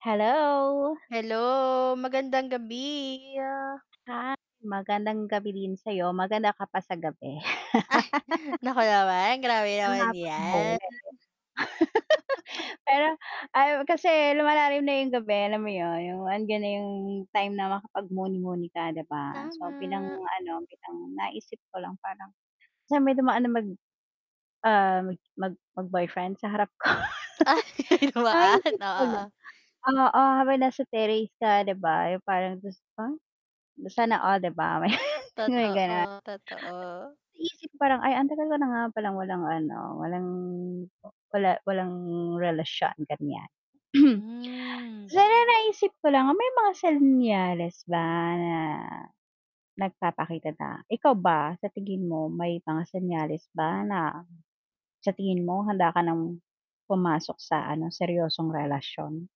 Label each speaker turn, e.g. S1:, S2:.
S1: Hello!
S2: Hello! Magandang gabi!
S1: Ah, magandang gabi din sa'yo, maganda ka pa sa gabi.
S2: Ay, naku naman, grabe
S1: Kung
S2: naman 'yan.
S1: makapang-bola, eh. Pero ay kasi lumalalim na 'yung gabi, alam mo 'yun, 'yung andiyan na 'yung time na makapag muni-muni ka 'di ba? So, bilang
S2: Tama!
S1: ano, bilang naisip ko lang parang, sa may dumaan na mag ah, mag mag boyfriend sa harap ko.
S2: Ay dumaan,
S1: Naisip
S2: o,
S1: ko lang,
S2: oo.
S1: oo, habang nasa terrace ka 'di ba, 'yung parang [unintelligible] sana all 'di ba may may gano'n.
S2: Totoo, totoo.
S1: Naisip ko parang ay ang tagal ko na nga palang walang ano walang, wala walang relasyon ganiyan.
S2: Hmm.
S1: Pero naisip ko lang ang may mga senyales ba na nagpapakita na ikaw ba sa tingin mo may mga senyales ba na sa tingin mo handa ka ng pumasok sa ano seryosong relasyon?